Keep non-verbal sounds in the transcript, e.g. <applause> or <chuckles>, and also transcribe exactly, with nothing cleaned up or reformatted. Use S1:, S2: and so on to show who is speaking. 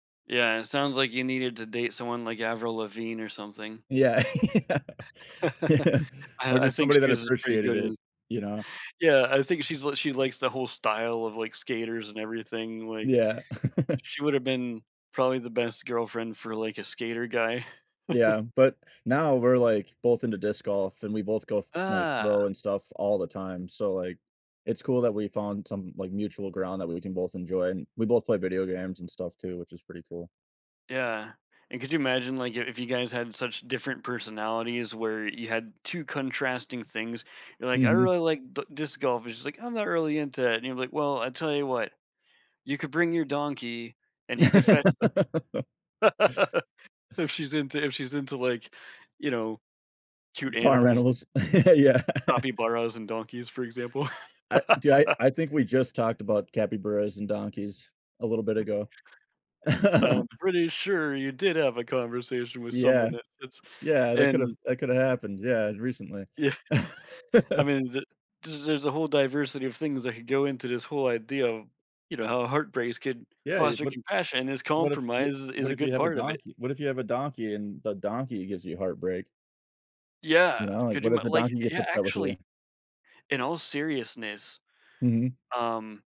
S1: Yeah, it sounds like you needed to date someone like Avril Lavigne or something.
S2: Yeah.
S1: <chuckles>
S2: <laughs>
S1: I
S2: Or
S1: I
S2: just
S1: think
S2: somebody
S1: she
S2: that
S1: was, uh, pretty
S2: appreciated
S1: good in
S2: it, you know?
S1: Yeah, I think she's l she likes the whole style of, like, skaters and everything, like,
S2: Yeah. <laughs>
S1: she woulda been probably the best girlfriend for, like, a skater guy. <chuckles>
S2: Yeah, but now, we're, like, both into disc golf, and we both go th like, throw
S1: Ah.
S2: and stuff all the time, so, like, it's cool that we found some, like, mutual ground that we can both enjoy, and we both play video games and stuff too, which is pretty cool.
S1: Yeah, and could you imagine, like, your if you guys had such different personalities where you had two contrasting things, you're like, "I
S2: Mhm.
S1: really like d disc golf," and she's like, "I'm not really into it," and you're like, "Well, I tell you what, you could bring your donkey and he could fetch"
S2: <laughs>
S1: <laughs> if she's into if she's into, like, you know, cute
S2: Farm
S1: animals tha
S2: animals. <chuckles> Yeah. <chuckles>
S1: capibaras and donkeys, for example.
S2: I do I
S1: <laughs>
S2: I think we just talked about capibaras and donkeys a little bit
S1: <chuckles>
S2: ago.
S1: I'm
S2: <chuckles>
S1: pretty sure you did have a conversation with someone
S2: Yeah.
S1: that fits
S2: Yeah, that could've
S1: and
S2: that coulda happened, yeah, recently.
S1: Yeah, I
S2: <laughs>
S1: mean, the the there's a whole diversity of things that could go into this whole idea of, you know, how heartbreaks could
S2: Yeah, you'd
S1: foster
S2: but
S1: compassion, and this
S2: what if yo
S1: compromise is is
S2: what
S1: a
S2: if you
S1: good
S2: have a
S1: part of it.
S2: donkey what if you have a donkey and the donkey gives you heartbreak? You
S1: Yeah.
S2: know, like,
S1: Could you
S2: what if
S1: ma
S2: the
S1: like,
S2: donkey gets
S1: yeah,
S2: upset with you?
S1: actually in all seriousness,
S2: Mhm.
S1: um